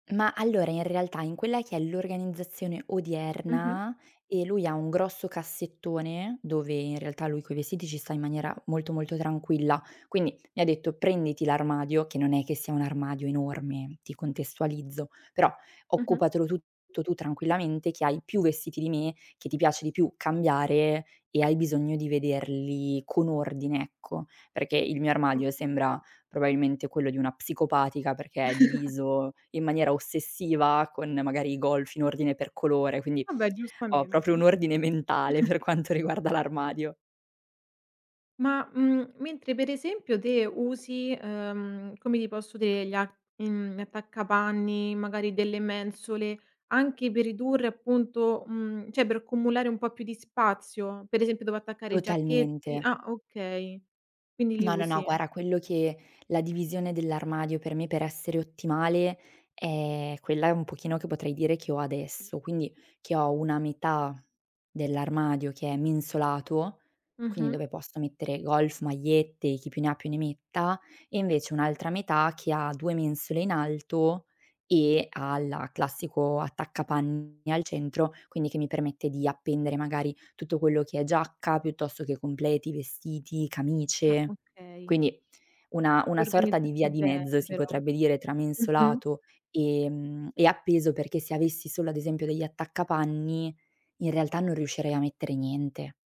Ma, allora in realtà in quella che è l'organizzazione Mh-mh. odierna e lui ha un grosso cassettone, dove in realtà lui coi vestiti ci sta in maniera molto molto tranquilla. Quindi mi ha detto: "Prenditi l'armadio," che non è che sia un armadio enorme, ti contestualizzo, "Però Mh-mh. occupatelo tutto tu tranquillamente, che hai più vestiti di me, che ti piace di più cambiare, e hai bisogno di vederli con ordine," ecco. Perché il mio armadio Okay. sembra probabilmente quello di una psicopatica, perché è diviso in maniera ossessiva, con magari i golf in ordine per colore, quindi Vabbè, ho proprio un giustamente. ordine mentale, per quanto riguarda l'armadio. Ma, mhmm, mentre per esempio, te usi, uhm, come ti posso dire gli, a mhmm, gli attaccapanni, magari delle mensole, anche per ridurre appunto mhmm, cioè per accumulare un po' più di spazio? Per esempio dove attaccare i giacchetti Totalmente. ah, okay, quindi li No, no, no, usi. guarda quello che la divisione dell'armadio per me, per essere ottimale è quella un pochino che potrei dire che ho adesso, quindi, che ho una metà dell'armadio che è mensolato, quindi Mh-mh. dove posso mettere golf, magliette, chi più ne più ne metta, e invece un'altra metà che ha 2 mensole in alto, e ha la classico attaccapanni al centro, quindi che mi permette di appendere, magari, tutto quello che è giacca, piuttosto che completi, vestiti, Ah, camicie. okay. Quindi, una una Per sorta di organizzati via di bene mezzo, si però, potrebbe dire, tra mh-mh. mensolato, ehm, e appeso, perché se avessi solo ad esempio degli attaccapanni, in realtà non riuscirei a mettere niente.